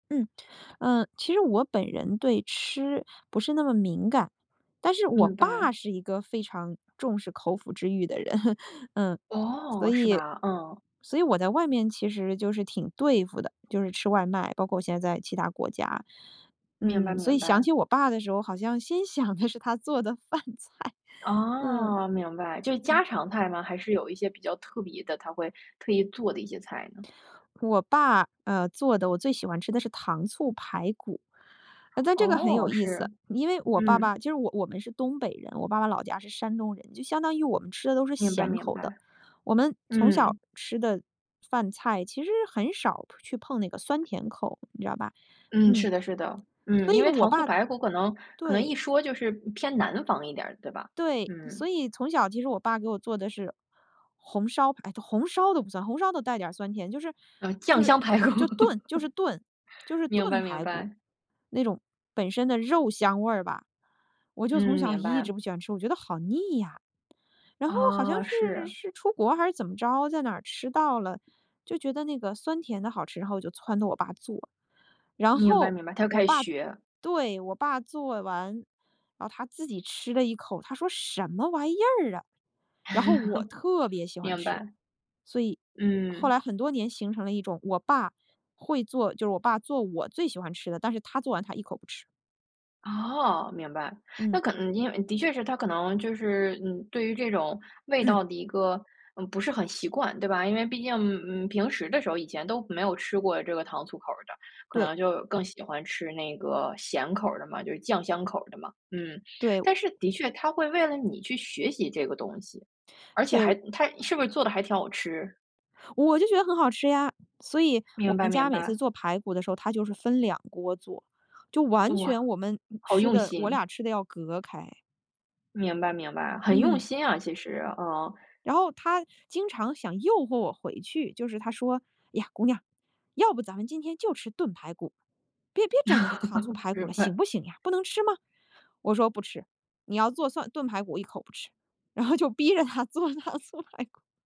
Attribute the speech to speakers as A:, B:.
A: 嗯。啊，其实我本人对吃不是那么敏感，但是我
B: 明
A: 爸
B: 白。
A: 是一个非常重视口腹之欲的人。嗯，所
B: 哦，是
A: 以
B: 吧，嗯。
A: 所以我在外面其实就是挺对付的，就是吃外卖，包括现在在其他国家。
B: 明白
A: 嗯，所
B: 明
A: 以想
B: 白。
A: 起我爸的时候，好像心想的是他做的饭菜。嗯。
B: 哦，明白，就是家
A: 嗯。
B: 常菜吗？还是有一些比较特别的，他会特意做的一些菜呢？
A: 我爸，呃，做的我最喜欢吃的是糖醋排骨。呃，但这个很有
B: 哦，
A: 意思，
B: 是，
A: 因为我爸
B: 嗯。
A: 爸就是我我们是东北人，我爸爸老家是山东人。就相当于我们吃的都是
B: 明白
A: 咸
B: 明
A: 口的，
B: 白。
A: 我们从小
B: 嗯。
A: 吃的饭菜其实很少去碰那个酸甜口，你知道吧。
B: 嗯，
A: 嗯。
B: 是的是的。嗯，
A: 所
B: 因
A: 以
B: 为
A: 我
B: 糖醋
A: 爸
B: 排骨可能可能
A: 对。
B: 一说就是偏南方一点儿，对吧？
A: 对，所
B: 嗯。
A: 以从小其实我爸给我做的是红烧排都红烧都不算，红烧都带点儿酸甜。就是
B: 呃，
A: 就
B: 酱
A: 是
B: 香排骨。
A: 就炖就是炖就是
B: 明
A: 炖
B: 白明
A: 排骨。
B: 白。
A: 那种本身的肉香味儿吧，我就从
B: 嗯，
A: 小
B: 明
A: 一
B: 白。
A: 直不喜欢吃，我觉得好腻呀。然后好像
B: 哦，
A: 是
B: 是。
A: 是出国还是怎么着，在哪吃到了，就觉得那个酸甜的好吃，然后我就撺掇我爸做。然
B: 明白
A: 后
B: 明白，他就
A: 我
B: 开始
A: 爸
B: 学。
A: 对，我爸做完，啊，他自己吃了一口，他说：“什么玩意儿啊。”然后我特 别喜欢
B: 明
A: 吃。
B: 白。
A: 所以后
B: 嗯。
A: 来很多年形成了一种我爸会做就是我爸做我最喜欢吃的，但是他做完，他一口不吃。
B: 哦，明白。
A: 嗯。
B: 那可能，嗯，因为的确是他可能就是，嗯，对于这种味
A: 嗯。
B: 道的一个，嗯，不是很习惯对吧？因为毕竟，嗯，平时的时候以前都没有吃过这个糖醋口儿的，可
A: 对。
B: 能就更喜欢吃那个咸口儿的嘛，就是酱香口儿的嘛。嗯，
A: 对，我
B: 但是的确，他会为了你去学习这个东西，而且
A: 对，
B: 还
A: 我
B: 他是不是做得还挺好吃？
A: 我就觉得很好吃呀，所以我
B: 明白
A: 们家
B: 明
A: 每次
B: 白。
A: 做排骨的时候他就是分两锅做。就完
B: 哇，
A: 全我们
B: 好
A: 吃
B: 用
A: 的我
B: 心。
A: 俩吃的要隔开。
B: 明白明白，很用
A: 嗯。
B: 心啊，其实，嗯。
A: 然后他经常想诱惑我回去，就是他说：“呀，姑娘，要不咱们今天就吃炖排骨。别别整那个糖醋 排骨
B: 明
A: 了，行
B: 白。
A: 不行呀？不能吃吗？”我说：“不吃，你要做蒜炖排骨我一口不吃。”然后就逼着他做糖醋排骨。